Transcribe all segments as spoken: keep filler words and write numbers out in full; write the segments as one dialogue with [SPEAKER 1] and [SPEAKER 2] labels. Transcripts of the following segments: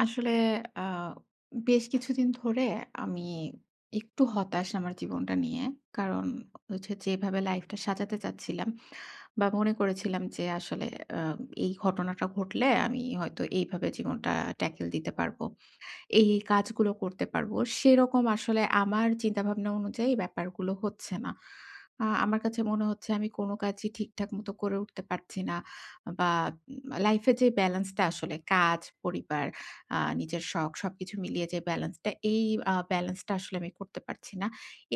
[SPEAKER 1] আসলে আ বেশ কিছুদিন ধরে আমি একটু হতাশ আমার জীবনটা নিয়ে। কারণ হচ্ছে যেভাবে লাইফটা সাজাতে চাচ্ছিলাম বা মনে করেছিলাম যে, আসলে, আ এই ঘটনাটা ঘটলে আমি হয়তো এইভাবে জীবনটা tackle দিতে পারব। এই, এই কাজগুলো করতে পারব। সেরকম আসলে আমার চিন্তা-ভাবনা অনুযায়ী এই ব্যাপারগুলো হচ্ছে না। আ আমার কাছে মনে হচ্ছে আমি কোন কাজই ঠিকঠাক মতো করে উঠতে পারছি না বা উম লাইফ এর যে ব্যালান্সটা আসলে কাজ, পরিবার, আ নিজের শখ সবকিছু মিলিয়ে যে, ব্যালান্সটা এই আ ব্যালান্সটা আসলে আমি করতে পারছি না।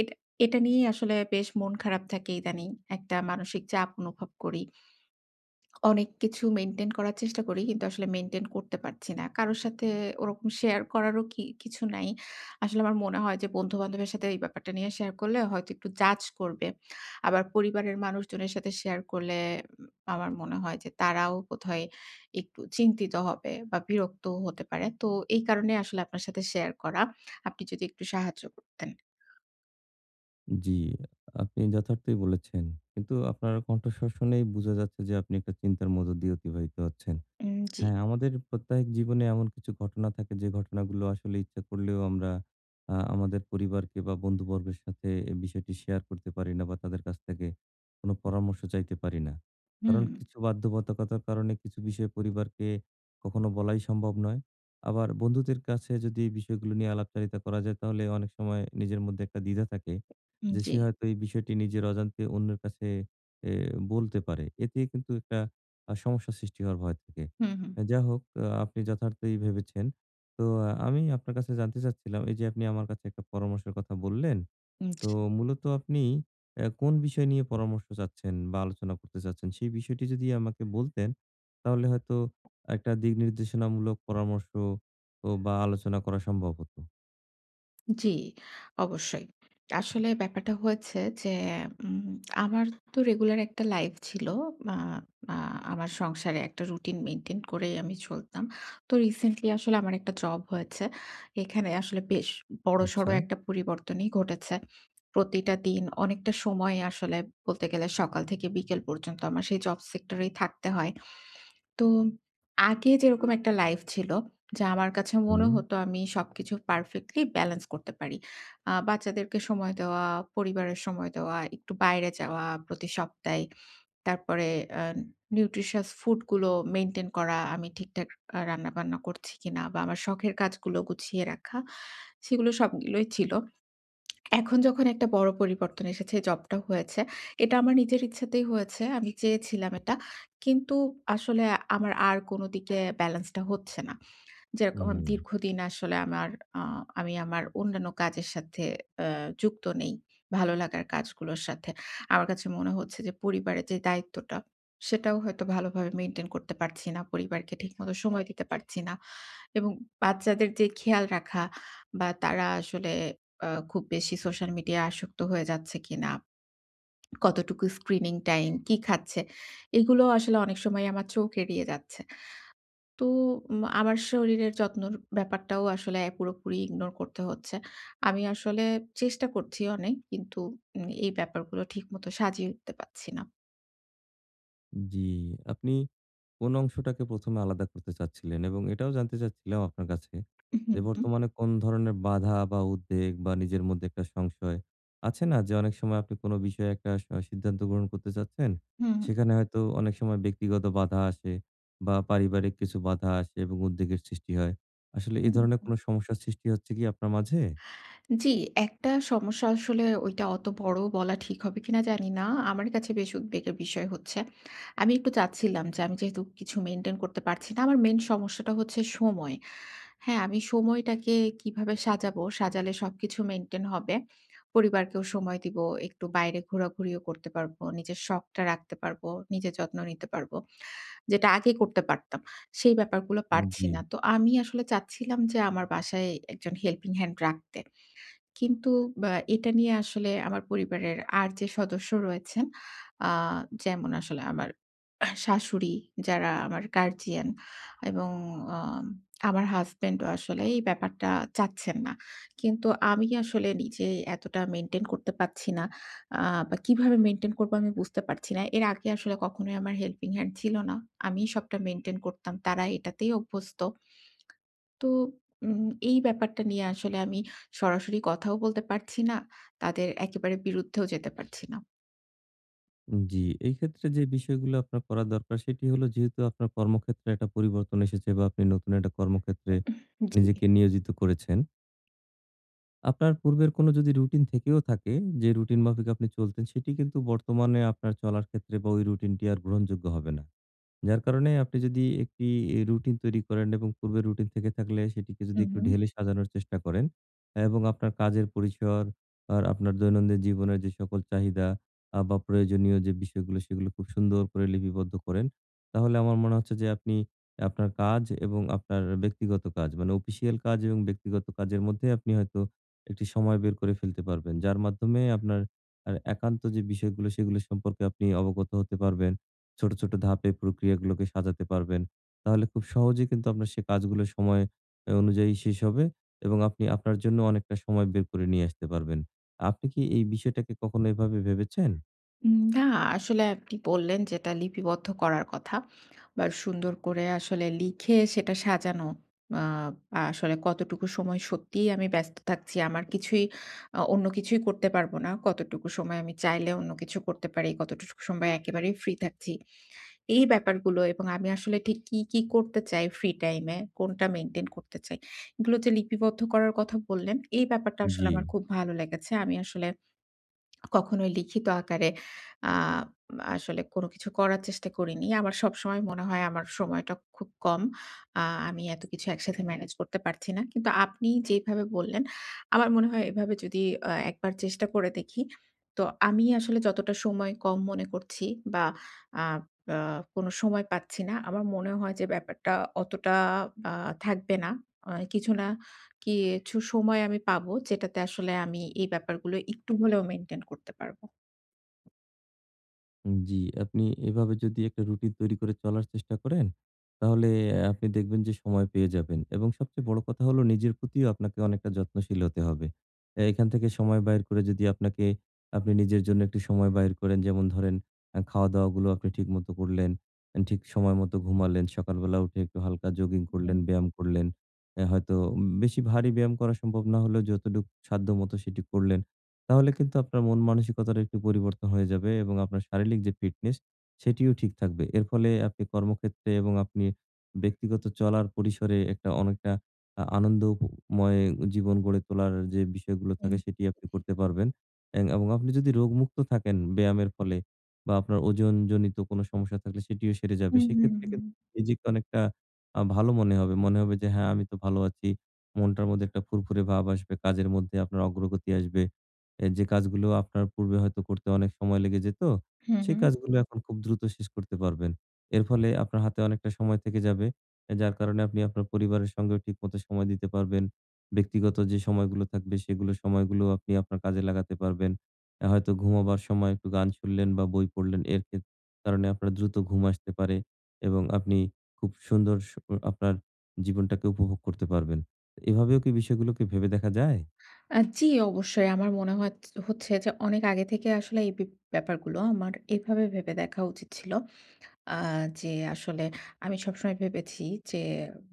[SPEAKER 1] এটা এটা নিয়েই আসলে বেশ মন খারাপ থাকে ইদানিং। একটা মানসিক চাপ অনুভব করি। অনেক কিছু মেইনটেইন করার চেষ্টা করি। কিন্তু আসলে মেইনটেইন করতে পারছি না। কারো সাথে ওরকম শেয়ার করারও কি কিছু নাই। আসলে আমার মনে হয় যে, বন্ধু-বান্ধবের সাথে এই ব্যাপারটা নিয়ে শেয়ার করলে হয়তো একটু জাজ করবে। আবার পরিবারের মানুষজনের সাথে শেয়ার করলে, উম আমার মনে হয় যে তারাও বোধহয় একটু চিন্তিত হবে, বা বিরক্তও হতে পারে। তো এই কারণে আসলে আপনার সাথে শেয়ার করা। আপনি যদি একটু সাহায্য করতেন?
[SPEAKER 2] জ্বী। আপনি যথার্থই বলেছেন। কিন্তু আপনার কণ্ঠস্বর শুনেই বুঝা যাচ্ছে যে, আপনি একটা চিন্তার মধ্য দিয়ে অতিবাহিত হচ্ছেন।
[SPEAKER 1] উম, জ্বী।
[SPEAKER 2] হ্যাঁ, আমাদের প্রত্যাহিক জীবনে এমন কিছু ঘটনা থাকে, যে ঘটনাগুলো আসলে ইচ্ছা করলেও আমরা, আ আমাদের পরিবারকে বা বন্ধুবর্গের সাথে এই বিষয়টি শেয়ার করতে পারি না বা তাদের কাছ থেকে, কোন পরামর্শ চাইতে পারি না। কারণ
[SPEAKER 1] হুম।
[SPEAKER 2] কিছু বাধ্যবাধকতার কারণে, কিছু বিষয়ে পরিবারকে কখনো বলাই সম্ভব নয়। আবার বন্ধুদের কাছে যদি, এই বিষয়গুলো নিয়ে আলাপচারিতা করা যায়, তাহলে অনেক সময় নিজের মধ্যে একটা দ্বিধা থাকে।
[SPEAKER 1] হুম,
[SPEAKER 2] যে,
[SPEAKER 1] জ্বী।
[SPEAKER 2] সে হয়তো এই বিষয়টি নিজের অজান্তে অন্যের কাছে এ বলতে পারে। এতে কিন্তু একটা আ সমস্যা সৃষ্টি হওয়ার ভয় থাকে।
[SPEAKER 1] হুম, হুম।
[SPEAKER 2] যা হোক, আ আপনি যথার্থই ভেবেছেন। তো, আমি আপনার কাছে জানতে চাচ্ছিলাম, এই যে আপনি আমার কাছে, একটা পরামর্শের কথা বললেন।
[SPEAKER 1] উম,
[SPEAKER 2] তো
[SPEAKER 1] জি।
[SPEAKER 2] মূলত আপনি, এ কোন বিষয় নিয়ে পরামর্শ চাচ্ছেন বা আলোচনা করতে চাচ্ছেন? সেই বিষয়টি যদি আমাকে বলতেন, তাহলে হয়তো, একটা দিক নির্দেশনামূলক পরামর্শ ও বা আলোচনা করা সম্ভব হত।
[SPEAKER 1] জ্বী, অবশ্যই। আসলে ব্যাপারটা হয়েছে যে, এ উম আমার তো রেগুলার একটা লাইফ ছিল। আ আ আমার সংসারে একটা রুটিন মেইনটেইন করেই, আমি চলতাম। তো রিসেন্টলি আসলে আমার একটা জব হয়েছে। এখানে আসলে বেশ বড়সড়
[SPEAKER 2] আচ্ছা।
[SPEAKER 1] একটা পরিবর্তনই ঘটেছে। প্রতিটা দিন, অনেকটা সময়, আসলে বলতে গেলে সকাল থেকে বিকেল পর্যন্ত, আমার সেই জব সেক্টর এই থাকতে হয়। তো, আগে যেরকম একটা লাইফ ছিল, যা আমার কাছে
[SPEAKER 2] হু,
[SPEAKER 1] মনে
[SPEAKER 2] হুম।
[SPEAKER 1] হতো, আমি সবকিছু পারফেক্টলি ব্যালেন্স করতে পারি। আ বাচ্চাদেরকে সময় দেওয়া, পরিবারের সময় দেওয়া, একটু বাইরে যাওয়া, প্রতি সপ্তাহে। তারপরে এন নিউট্রিশিয়াস ফুড গুলো মেইনটেইন করা, আমি ঠিকঠাক আ রান্নাবান্না করছি কিনা, বা আমার শখের কাজগুলো গুছিয়ে রাখা, সেগুলো সবগুলোই ছিল। এখন যখন একটা বড় পরিবর্তন এসেছে জব-টব হয়েছে, এটা আমার নিজের ইচ্ছাতেই হয়েছে। আমি চেয়েছিলাম এটা। কিন্তু আসলে আমার আর কোন দিকে, ব্যালেন্সটা হচ্ছে না। যেরকম,
[SPEAKER 2] হুম।
[SPEAKER 1] দীর্ঘদিন আসলে আমার, আ আমি আমার অন্যান্য কাজের সাথে এ যুক্ত নেই। ভালো লাগার কাজগুলোর সাথে। আমার কাছে মনে হচ্ছে যে, পরিবারের যে দায়িত্বটা, সেটাও হয়তো, ভালোভাবে মেইনটেইন করতে পারছি না। পরিবারকে ঠিকমতো সময় দিতে পারছি না। এবং বাচ্চাদের যে খেয়াল রাখা, বা তারা আসলে আ খুব বেশি সোশ্যাল মিডিয়ায় আসক্ত হয়ে যাচ্ছে কিনা, কতটুকু স্ক্রিনিং টাইম কি খাচ্ছে? এইগুলোও আসলে অনেক সময় আমার চোখ এড়িয়ে যাচ্ছে। তো উম আমার শরীরের যত্নর ব্যাপারটাও আসলে, পুরোপুরি ইগনোর করতে হচ্ছে। আমি আসলে, চেষ্টা করছি অনেক। কিন্তু, উম এই ব্যাপারগুলো ঠিক মতো, সাজিয়ে উঠতে পারছি না।
[SPEAKER 2] জি, আপনি কোন অংশটাকে প্রথম এ আলাদা করতে চাচ্ছিলেন এবং এটাও জানতে চাচ্ছিলাম আপনার কাছে
[SPEAKER 1] উহু,
[SPEAKER 2] যে
[SPEAKER 1] হুম।
[SPEAKER 2] বর্তমানে কোন ধরনের বাধা বা উদ্বেগ বা নিজের মধ্যে একটা সংশয়, আছে না যে অনেক সময় আপনি কোন বিষয়ে একটা সা সিদ্ধান্ত গ্রহণ করতে চাচ্ছেন,
[SPEAKER 1] হুম।
[SPEAKER 2] সেখানে হয়তো অনেক সময় ব্যক্তিগত বাঁধা আসে বা পারিবারিক কিছু বাঁধা আসে এবং উদ্বেগের সৃষ্টি হয়। আসলে এ ধরনের
[SPEAKER 1] [unintelligible]
[SPEAKER 2] কোনো সমস্যার সৃষ্টি হচ্ছে কি আপনার মাঝে?
[SPEAKER 1] জি, একটা সমস্যা আসলে ঐটা অতো বড়ও বলা ঠিক হবে কিনা জানি না। আমার কাছে বেশ উদ্বেগের বিষয় হচ্ছে, আমি একটু চাচ্ছিলাম যে আমি যেহেতু কিছু maintain করতে পারছি না। আমার main সমস্যাটা হচ্ছে সময়। হ্যাঁ, আমি সময়টাকে কিভাবে সাজাবো, সাজালে সবকিছু maintain হবে? পরিবারকেও সময় দিবো, একটু বাইরে ঘোরাঘুরিও করতে পারবো। নিজের শখটা রাখতে পারবো, নিজের যত্ন নিতে পারবো। যেটা আগে করতে পারতাম। সেই ব্যাপারগুলো পারছি না।
[SPEAKER 2] জি।
[SPEAKER 1] তো আমি আসলে চাচ্ছিলাম যে আমার বাসায় একজন helping hand রাখতে। কিন্তু ব্য এটা নিয়ে আসলে আমার পরিবারের আর যে সদস্য রয়েছেন অ্যা যেমন আসলে আমার শাশুড়ি যারা আমার guardian এবং অ্যা আমার হাসব্যান্ডও আসলে এই ব্যাপারটা চাচ্ছেন না, কিন্তু আমি কি আসলে নিজে এতটা maintain করতে পারছি না। অ্যা বা কিভাবে maintain করবো আমি বুঝতে পারছি না। এর আগে আসলে কখনোই আমার helping hand ছিল না। আমি সবটা maintain করতাম। তারা এইটাতেই অভ্যস্ত। তো, উম এই ব্যাপারটা নিয়ে আসলে আমি সরাসরি কথাও বলতে পারছি না। তাদের একেবারে বিরুদ্ধেও যেতে পারছি না।
[SPEAKER 2] উম জি। এইক্ষেত্রে যে বিষয়গুলো আপনার করা দরকার, সেটি হলো যেহেতু আপনার কর্মক্ষেত্রে একটা পরিবর্তন এসেছে বা, আপনি নতুন একটা কর্মক্ষেত্রে
[SPEAKER 1] জি।
[SPEAKER 2] নিজেকে নিয়োজিত করেছেন আপনার পূর্বের কোন যদি রুটিন থেকেও থাকে যে, রুটিন মাফিক আপনি চলতেন, সেটি কিন্তু বর্তমানে আপনার চলার ক্ষেত্রে বা, ওই রুটিনটি আর গ্রহণযোগ্য হবে না। যার কারণে আপনি যদি একটি এ রুটিন তৈরি করেন এবং পূর্বের রুটিন থেকে থাকলে সেটিকে যদি একটু
[SPEAKER 1] উহুম।
[SPEAKER 2] ঢেলে সাজানোর চেষ্টা করেন এবং আপনার কাজের পরিসর আর আপনার দৈনন্দিন জীবনের যে সকল চাহিদা আ বা প্রয়োজনীয় যে বিষয়গুলো সেগুলো খুব সুন্দর করে লিপিবদ্ধ করেন। তাহলে আমার মনে হচ্ছে যে, আপনি আপনার কাজ এবং আপনার আ ব্যক্তিগত কাজ মানে অপিশিয়াল কাজ এবং ব্যক্তিগত কাজের মধ্যে আপনি হয়তো একটি সময় বের করে ফেলতে পারবেন। যার মাধ্যমে আপনার এ একান্ত যে বিষয়গুলো, সেগুলো সম্পর্কে আপনি অবগত হতে পারবেন। ছোট, ছোট ধাপে প্রক্রিয়াগুলোকে সাজাতে পারবেন। তাহলে খুব সহজেই কিন্তু আপনার সে কাজগুলো সময় অ্যা অনুযায়ী শেষ হবে এবং আপনি আপনার জন্য অনেকটা সময় বের করে নিয়ে আসতে পারবেন। আপনি কি এই বিষয়টাকে কখনো এভাবে ভেবেছেন?
[SPEAKER 1] উম না আসলে আপনি বললেন যেটা লিপিবদ্ধ করার কথা বা, সুন্দর করে আসলে লিখে সেটা সাজানো। আব আসলে কতটুকু সময় সত্যিই আমি ব্যস্ত থাকছি। আমার কিছুই আ অন্য কিছুই করতে পারবো না। কতটুকু সময় আমি চাইলে অন্য কিছু করতে পারি। কতটুকু স সময় একেবারেই ফ্রি থাকছি। এই ব্যাপারগুলো এবং আমি আসলে ঠিক কী, কী করতে চাই ফ্রি টাইমে? কোনটা মেইনটেইন করতে চাই? এগুলো যে লিপিবদ্ধ করার কথা বললেন, এই ব্যাপারটা আসলে আমার
[SPEAKER 2] জি।
[SPEAKER 1] খুব ভালো লেগেছে। আমি আসলে কখনোই লিখিত আকারে আব আসলে কোন কিছু করার চেষ্টা করিনি। আমার সবসময় মনে হয় আমার সময়টা খুব কম। আ আমি এত কিছু একসাথে ম্যনেজ করতে পারছি না। কিন্তু আপনি যেভাবে বললেন, আমার মনে হয় এভাবে যদি অ একবার চেষ্টা করে দেখি। তো আমি আসলে যতটা সময় কম মনে করছি বা, আপ আ কোন সময় পাচ্ছি না। আমার মনে হয় যে ব্যাপারটা অতটা বা থাকবে না। আ কিছু না কিইছু সময় আমি পাবো, যেটাতে আসলে আমি এই ব্যাপারগুলো একটু হলেও মেইনটেইন করতে পারবো।
[SPEAKER 2] হুম, জি। আপনি এভাবে যদি একটা রুটিন তৈরি করে চলার চেষ্টা করেন, তাহলে আ আপনি দেখবেন যে সময় পেয়ে যাবেন এবং সবচেয়ে বড় কথা হলো, নিজের প্রতিও আপনাকে অনেকটা যত্নশীল হতে হবে। এ এখান থেকে সময় বাইর করে যদি আপনাকে, আপনি নিজের জন্য একটু সময় বাহির করেন, যেমন ধরেন; আ খাওয়া-দাওয়া গুলো আপনি ঠিকমত করলেন, ঠিক সময় মতো ঘুমালেন, সকালবেলা উঠে একটু হালকা জগিং করলেন,
[SPEAKER 1] [unintelligible]
[SPEAKER 2] ব্যায়াম করলেন। অ্যা হয়তো উম বেশি ভারী ব্যায়াম করা সম্ভব না হলেও, যতটুক সাধ্যমত সেটি করলেন, তাহলে কিন্তু আপনার মন মানসিকতাটা একটু পরিবর্তন হয়ে যাবে এবং আপনার শারীলিক যে ফিটনেস, সেটিও ঠিক থাকবে। এর ফলে আপনি কর্মক্ষেত্রে এবং আপনি ব্যক্তিগত চলার পরিসরে একটা অনেকটা, আ আনন্দ ও ময় জীবন গড়ে তোলার যে বিষয়গুলো থাকে, সেটি আপনি
[SPEAKER 1] [unintelligible]
[SPEAKER 2] করতে পারবেন। এং এবং আপনি যদি রোগমুক্ত থাকেন ব্যায়ামের ফলে বা আপনার ওজন জনিত কোন সমস্যা থাকলে, সেটিও সেরে যাবে।
[SPEAKER 1] হুম, হুম,
[SPEAKER 2] সেক্ষেত্রে
[SPEAKER 1] হুম।
[SPEAKER 2] কিন্তু নিজেকে অনেকটা আ ভালো মনে হবে। মনে হবে যে, হ্যাঁ, আমি তো ভালো আছি, মনটার মধ্যে একটা ফুরফুরে ভাব আসবে, কাজের মধ্যে আপনার অগ্রগতি আসবে, এ যে কাজগুলো আপনার পূর্বে হয়তো করতে অনেক সময় লেগে যেত,
[SPEAKER 1] হুম,
[SPEAKER 2] সেই
[SPEAKER 1] হুম।
[SPEAKER 2] কাজগুলো এখন খুব দ্রুত শেষ করতে পারবেন। এর ফলে আপনার হাতে অনেকটা সময় থেকে যাবে, এ যার কারণে আপনি আপনার পরিবারের সঙ্গেও ঠিক মতো সময় দিতে পারবেন, ব্যক্তিগত যে সময়গুলো থাকবে, সেগুলো সময়গুলো আপনি আপনার কাজে লাগাতে পারবেন। অ্যা হয়তো ঘুমাবার সময় একটু গান শুনলেন বা বই পড়লেন। এর খেত কারণে আপনার দ্রুত ঘুম আসতে পারে এবং আপনি খুব সুন্দর সো আপনার জীবনটাকে উপভোগ করতে পারবেন। এভাবেও কী বিষয়গুলোকে ভেবে দেখা যায়?
[SPEAKER 1] আ জি, অবশ্যই। আমার মনে হতচ হচ্ছে যে, অনেক আগে থেকে আসলে এই বিপ ব্যাপারগুলো আমার এভাবে ভেবে দেখা উচিত ছিল। আ যে, আসলে আমি সবসময় ভেবেছি যে,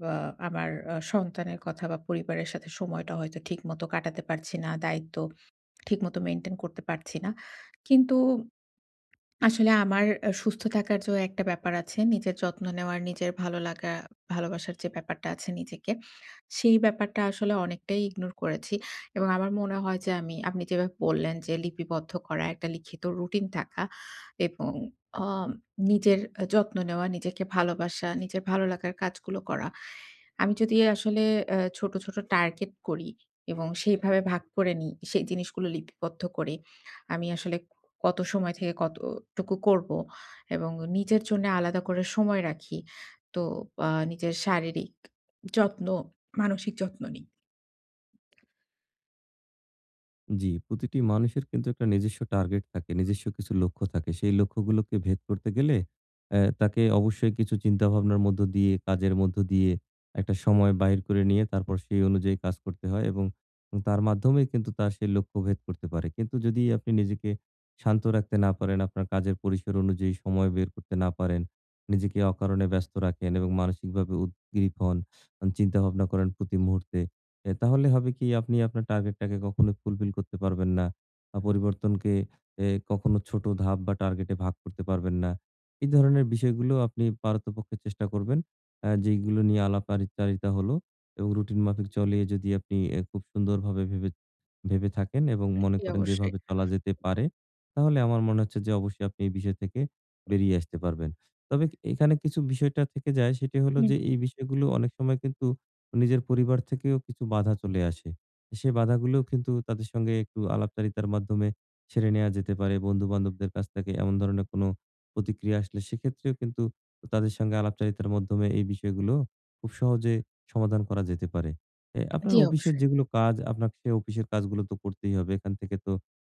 [SPEAKER 1] বা আমার আ সন্তানের কথা বা পরিবারের সাথে সময়টা হয়তো ঠিকমতো কাটাতে পারছি না, দায়িত্ব ঠিকমতো মেইনটেইন করতে পারছি না। কিন্তু আসলে আমার আ সুস্থ থাকার যো একটা ব্যাপার আছে, নিজের যত্ন নেওয়ার, নিজের ভালো লাগা, ভালোবাসার যে ব্যাপারটা আছে নিজেকে। সেই ব্যাপারটা আসলে অনেকটাই ইগনোর করেছি। এবং আমার মনে হয় যে আমি, আপনি যেভাবে বললেন যে, লিপিবদ্ধ করা, একটা লিখিত রুটিন থাকা এবং আম নিজের আ যত্ন নেওয়া, নিজেকে ভালোবাসা, নিজের ভালো লাগার কাজগুলো করা। আমি যদি আসলে এ ছোট, ছোট টার্গেট করি এবং সেইভাবে ভাগ করে নিই, সেই জিনিসগুলো লিপিবদ্ধ করে। আমি আসলে ক কত সময় থেকে কত টুকু করব? এবং নিজের জন্য আলাদা করে সময় রাখি, তো আ নিজের শারীরিক যত্ন, মানসিক যত্ন নিই।
[SPEAKER 2] জি, প্রতিটি মানুষের কিন্তু একটা নিজস্ব টার্গেট থাকে, নিজস্ব কিছু লক্ষ্য থাকে। সেই লক্ষ্যগুলোকে ভেদ করতে গেলে অ্যাঁ তাকে অবশ্যই কিছু চিন্তা-ভাবনার মধ্য দিয়ে, কাজের মধ্য দিয়ে, একটা সময় বাহির করে নিয়ে তারপর সেই অনুযায়ী কাজ করতে হয় এবং তার মাধ্যমেই কিন্তু তার সেই লক্ষ্য ভেদ করতে পারে। কিন্তু যদি আপনি নিজেকে শান্ত রাখতে না পারেন, আপনার কাজের পরিসর অনুযায়ী সময় বের করতে না পারেন, নিজেকে অকারণে ব্যস্ত রাখেন এবং মানসিকভাবে উদগ্রীপ হন, আ চিন্তাভাবনা করেন প্রতি মুহূর্তে অ্যা তাহলে হবে কি, আপনি আপনার টার্গেটটাকে কখনো ফুলফিল করতে পারবেন না। আ পরিবর্তনকে এ কখনো ছোট ধাপ বা টার্গেটে ভাগ করতে পারবেন না। এ ধরনের বিষয়গুলো আপনি পারতপক্ষে চেষ্টা করবেন অ্যাঁ যেগুলো নিয়ে আলাপআরিচারিতা হলো এবং রুটিন মাফিক চলিয়ে যদি আপনি অ্যা খুব সুন্দরভাবে ভেবে ভেবে থাকেন এবং মনে
[SPEAKER 1] জি
[SPEAKER 2] করেন যে
[SPEAKER 1] অবশ্যই।
[SPEAKER 2] এভাবে চলা যেতে পারে, তাহলে আমার মনে হচ্ছে যে অবশ্যই আপনি এই বিষয় থেকে বেরিয়ে আসতে পারবেন। তবে এখানে কিছু বিষয়টা থেকে যায় সেটি হলো
[SPEAKER 1] হু,
[SPEAKER 2] যে,
[SPEAKER 1] হুম।
[SPEAKER 2] এই বিষয়গুলো অনেক সময় কিন্তু নিজের পরিবার থেকেও কিছু বাঁধা চলে আসে। সে বাঁধাগুলোও কিন্তু তাদের সঙ্গে একটু আলাপচারিতার মাধ্যমে ছেড়ে নেয়া যেতে পারে। বন্ধু-বান্ধবদের কাছ থেকে এমন ধরনের কোনো প্রতিক্রিয়া আসলে সেক্ষেত্রেও কিন্তু তাদের সঙ্গে আলাপচারিতার মাধ্যমে এই বিষয়গুলো খুব সহজে সমাধান করা যেতে পারে। অ্যাঁ আপনার
[SPEAKER 1] জি,
[SPEAKER 2] অপিসের
[SPEAKER 1] অবশ্যই।
[SPEAKER 2] যেগুলো কাজ আপনাকে অপিসের কাজগুলো তো করতেই হবে। এখান থেকে তো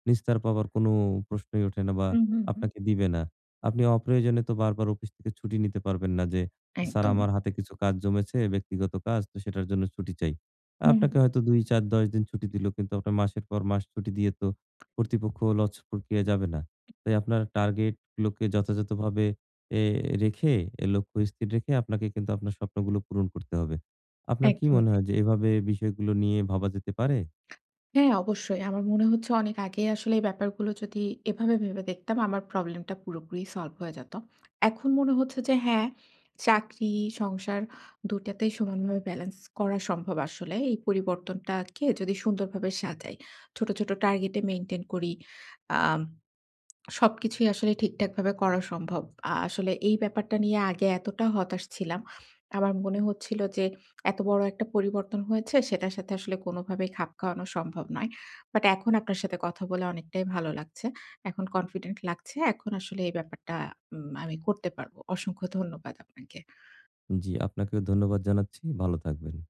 [SPEAKER 2] নিস্তার পাবার কোন প্রশ্নই ওঠে না বা
[SPEAKER 1] উহু, হু।
[SPEAKER 2] আপনাকে দিবে না। আপনি অপ্রয়োজনে তো বারবার অপিস থেকে ছুটি নিতে পারবেন না যে, স্যার
[SPEAKER 1] একদমই।
[SPEAKER 2] আমার হাতে কিছু কাজ জমেছে, ব্যক্তিগত কাজ তো সেটার জন্য ছুটি চাই।
[SPEAKER 1] হু,
[SPEAKER 2] আপনাকে
[SPEAKER 1] হুম।
[SPEAKER 2] হয়তো দুই, চার, দশ দিন ছুটি দিলো কিন্তু মাসের পর মাস ছুটি দিয়ে তো কর্তৃপক্ষ লচ প্রক্রিয়ায় যাবে না। তাই আপনার টার্গেটগুলোকে যথাযথভাবে এ রেখে, লক্ষ্য স্থির রেখে আপনাকে কিন্তু আপনার স্বপ্নগুলো পূরণ করতে হবে। আপনার কি
[SPEAKER 1] একদমই
[SPEAKER 2] মনে
[SPEAKER 1] তাই।
[SPEAKER 2] হয় যে এভাবে বিষয়গুলো নিয়ে ভাবা যেতে পারে?
[SPEAKER 1] হ্যাঁ অবশ্যই। আমার মনে হচ্ছে অনেক আগেই আসলে এই ব্যাপারগুলো যদি এভাবে ভেবে দেখতাম, আমার প্রবলেমটা পুরোপুরি সলভ হয়ে যেতো। এখন মনে হচ্ছে যে হ্যাঁ, চাকরি, সংসার দু টাতেই সমানভাবে ব্যালেন্স করা সম্ভব আসলে। এই পরিবর্তনটাকে যদি সুন্দরভাবে সাজাই। ছোট, ছোট টার্গেটে মেইনটেইন করি। আম সবকিছুই আসলে ঠিকঠাকভাবে করা সম্ভব। আ আসলে এই ব্যাপারটা নিয়ে আগে এতটা হতাশ ছিলাম। আমার মনে হচ্ছিল যে, এত বড় একটা পরিবর্তন হয়েছে সেটার সাথে আসলে কোনোভাবেই খাপ খাওয়ানো সম্ভব নয়। বাট এখন আপনার সাথে কথা বলে অনেকটাই ভালো লাগছে। এখন কনফিডেন্ট লাগছে। এখন আসলে এই ব্যাপারটা উম আমি করতে পারবো। অসংখ্য ধন্যবাদ আপনাকে।
[SPEAKER 2] জি আপনাকেও ধন্যবাদ জানাচ্ছি। ভালো থাকবেন।